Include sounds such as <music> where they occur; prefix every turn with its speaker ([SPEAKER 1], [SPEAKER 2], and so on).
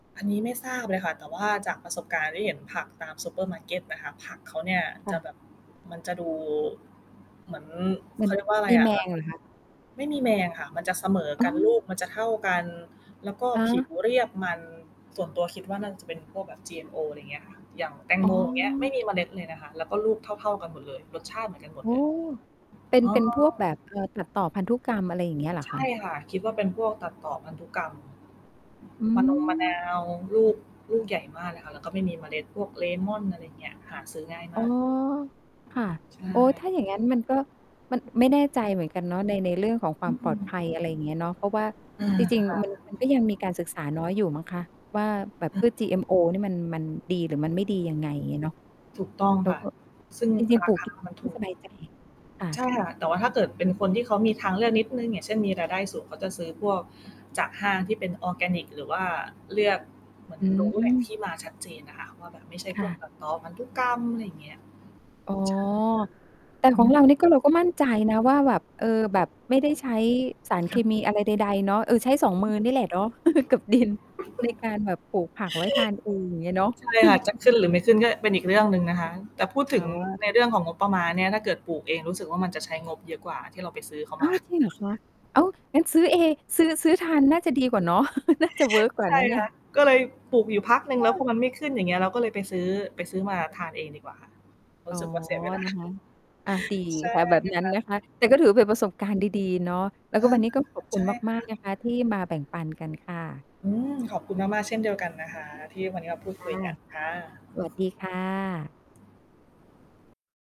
[SPEAKER 1] อันนี้ไม่ทราบเลยค่ะ แต่ว่าจากประสบการณ์ที่เห็นผักตามซูเปอร์มาร์เก็ตนะคะ ผักเขาเนี่ย
[SPEAKER 2] ค
[SPEAKER 1] จ
[SPEAKER 2] ่
[SPEAKER 1] ะ
[SPEAKER 2] ะ
[SPEAKER 1] แบบ มันจะดูเหมือน
[SPEAKER 2] ม
[SPEAKER 1] เ
[SPEAKER 2] ั
[SPEAKER 1] ข
[SPEAKER 2] น
[SPEAKER 1] าเรียกว่าอะไร
[SPEAKER 2] มี
[SPEAKER 1] อ
[SPEAKER 2] แ
[SPEAKER 1] ะ
[SPEAKER 2] ม
[SPEAKER 1] ล
[SPEAKER 2] งเหรอคะ?
[SPEAKER 1] ไม่มีแมงค่ะ มันจะเสมอ
[SPEAKER 2] อ
[SPEAKER 1] ก
[SPEAKER 2] ๋
[SPEAKER 1] ันล
[SPEAKER 2] อ
[SPEAKER 1] ูกมันจะเท่ากันแล้วก็
[SPEAKER 2] ค
[SPEAKER 1] ผิว
[SPEAKER 2] ะ
[SPEAKER 1] เรียกมัน ส่วนตัวคิดว่าน่าจะเป็นพวกแบบ GMO อะไรอย่างเงี้ยค่ะ อย่างแตง
[SPEAKER 2] อ๋
[SPEAKER 1] โมงอย่างเงี้ย ไม่
[SPEAKER 2] อ
[SPEAKER 1] มีเมล็ดเลยนะคะ แล้วก็ลูกเท่า ๆ กันหมดเลย รสชาติเหมือนกันหม
[SPEAKER 2] อ
[SPEAKER 1] ด
[SPEAKER 2] ้อ
[SPEAKER 1] เลย
[SPEAKER 2] เป็น
[SPEAKER 1] อ๋อ
[SPEAKER 2] เป็นพวกแบบ เอ่อ ตัดต่อพันธุกรรมอะไรอย่างเงี้ยเหรอ
[SPEAKER 1] ใช
[SPEAKER 2] คะ?
[SPEAKER 1] ่ค่ะ คิดว่าเป็นพวกตัดต่อพันธุกรรม
[SPEAKER 2] อื
[SPEAKER 1] มะนง มะนา
[SPEAKER 2] ม
[SPEAKER 1] วลูก ลูกใหญ่มากเลยค่ะ แล้วก็ไม่มีเมล็ด พวกเลม่อน อะไรอย่างเงี้ย หาซื้อง่ายม
[SPEAKER 2] อ๋อ
[SPEAKER 1] าก
[SPEAKER 2] ค่ะ
[SPEAKER 1] ใช
[SPEAKER 2] อ๋อ ถ
[SPEAKER 1] ่
[SPEAKER 2] ้าอย่างงั้นมันก็ มัน ไม่แน่ใจเหมือนกันเนาะ ใน ในเรื่องของคว
[SPEAKER 1] อ
[SPEAKER 2] ามปลอดภ
[SPEAKER 1] ือ
[SPEAKER 2] ัย อะไรอย่างเงี้ยเนาะ เพราะว่า
[SPEAKER 1] อืม
[SPEAKER 2] จริง
[SPEAKER 1] ค่ะ
[SPEAKER 2] ๆ มัน มันก็ยังมีการศึกษาน้อยอยู่มั้งคะ ว่าแบบ
[SPEAKER 1] อื
[SPEAKER 2] พ
[SPEAKER 1] อ
[SPEAKER 2] ืช GMO นี่มัน มันดีหรือมันไม่ดียังไง อย่างเงี้ยเนาะ
[SPEAKER 1] ถูกต้อง
[SPEAKER 2] แล้
[SPEAKER 1] ค
[SPEAKER 2] ว
[SPEAKER 1] ่ะ
[SPEAKER 2] ก็
[SPEAKER 1] ซึ่ง
[SPEAKER 2] จริง
[SPEAKER 1] ร
[SPEAKER 2] ๆ ป
[SPEAKER 1] า
[SPEAKER 2] ลูก
[SPEAKER 1] คามัน
[SPEAKER 2] ไ
[SPEAKER 1] ถ
[SPEAKER 2] ม่
[SPEAKER 1] ู
[SPEAKER 2] ส
[SPEAKER 1] ก
[SPEAKER 2] บายใจ ค่
[SPEAKER 1] ใช
[SPEAKER 2] ะ
[SPEAKER 1] ่ค่ะ แต่ว่าถ้าเกิดเป็นคนที่เขามีทางเลือกนิดหนึ่ง อย่างเช่น มีรายได้สูง เขาจะซื้อพวกจากห้างที่เป็นออร์แกนิกหรือว่าเลือก เหมือน
[SPEAKER 2] อื
[SPEAKER 1] รู้ แหล่งท
[SPEAKER 2] ม
[SPEAKER 1] ี่มาชัดเจนอะค่ะ ว่าแบบไม่ใช่
[SPEAKER 2] ค
[SPEAKER 1] พ
[SPEAKER 2] ่
[SPEAKER 1] วก
[SPEAKER 2] ะ
[SPEAKER 1] แบบต่อพันธุกรรม อะไรอย่างเงี้ย
[SPEAKER 2] อ๋อ
[SPEAKER 1] ใช่ค่ะ
[SPEAKER 2] แต่
[SPEAKER 1] อ
[SPEAKER 2] ข
[SPEAKER 1] ื
[SPEAKER 2] อง
[SPEAKER 1] ม
[SPEAKER 2] เรานี่ก็เราก็มั่นใจนะว่าแบบ เออ แบบ ไม่ได้ใช้สารเ
[SPEAKER 1] ค
[SPEAKER 2] ค
[SPEAKER 1] ่ะ
[SPEAKER 2] มีอะไรใด ๆ เนาะ เออ ใช้ 2 มือนี่แหละเนาะ <chuckles> กับดิน ใน
[SPEAKER 1] <giggles>
[SPEAKER 2] การแบบปลูกผักไว้ทานเองอย่างเงี้ยเนาะ
[SPEAKER 1] จะขึ
[SPEAKER 2] <chuckles>
[SPEAKER 1] ้นหรือไม่ขึ้นก็เป็นอีกเรื่องหนึ่งนะคะ แต่พูดถ
[SPEAKER 2] อ
[SPEAKER 1] ึ
[SPEAKER 2] ๋
[SPEAKER 1] ง
[SPEAKER 2] อ
[SPEAKER 1] ในเรื่องของงบประมาณเนี่ยถ้าเกิดปลูกเองรู้สึกว่ามันจะใช้งบเยอะกว่าที่เราไปซื้อเขา
[SPEAKER 2] อ้
[SPEAKER 1] ม
[SPEAKER 2] า
[SPEAKER 1] า
[SPEAKER 2] ว จริงเหรอคะ อ้าว งั้นซื้อเอ ซื้อ ซื้อทานน่าจะดีกว่าเนาะ <chuckles> น่าจะเวิร์ค กว่า
[SPEAKER 1] ใช
[SPEAKER 2] น
[SPEAKER 1] ่
[SPEAKER 2] ะเนี่
[SPEAKER 1] ค
[SPEAKER 2] ย
[SPEAKER 1] ่ะ ก็เลยปลูกอยู่พักหนึ่ง
[SPEAKER 2] อ
[SPEAKER 1] แล้วพ
[SPEAKER 2] า
[SPEAKER 1] อมันไม่ขึ้นอย่างเงี้ย เราก็เลยไปซื้อ ไปซื้อมาทานเองดีกว่าค่ะ รู
[SPEAKER 2] อ๋
[SPEAKER 1] ้
[SPEAKER 2] อ
[SPEAKER 1] สึกว่าเสีย เวลา
[SPEAKER 2] นะ
[SPEAKER 1] <chuckles>
[SPEAKER 2] คะ อา ดี
[SPEAKER 1] ใช่
[SPEAKER 2] ค่ะ
[SPEAKER 1] เล
[SPEAKER 2] แบ
[SPEAKER 1] ย
[SPEAKER 2] บนั้
[SPEAKER 1] ค
[SPEAKER 2] น
[SPEAKER 1] ่ะ
[SPEAKER 2] นะคะ แต่ก็ถือว่าเป็นประสบการณ์ดี ๆ เนาะ แล้ว
[SPEAKER 1] อ
[SPEAKER 2] ก็
[SPEAKER 1] า
[SPEAKER 2] วันนี้ก็ขอบค
[SPEAKER 1] ใ
[SPEAKER 2] ุ
[SPEAKER 1] ช
[SPEAKER 2] ณ
[SPEAKER 1] ่ค
[SPEAKER 2] มา
[SPEAKER 1] ่ะ
[SPEAKER 2] ก ๆ นะคะที่มาแบ่งปันกันค่ะ
[SPEAKER 1] อืม ขอบคุณมาก ๆ เช่นเดียวกันนะคะ ที่วันนี้มาพูด
[SPEAKER 2] ค
[SPEAKER 1] ค
[SPEAKER 2] ่
[SPEAKER 1] ุ
[SPEAKER 2] ะ
[SPEAKER 1] ยกันค่ะ
[SPEAKER 2] สวัสดีค่ะ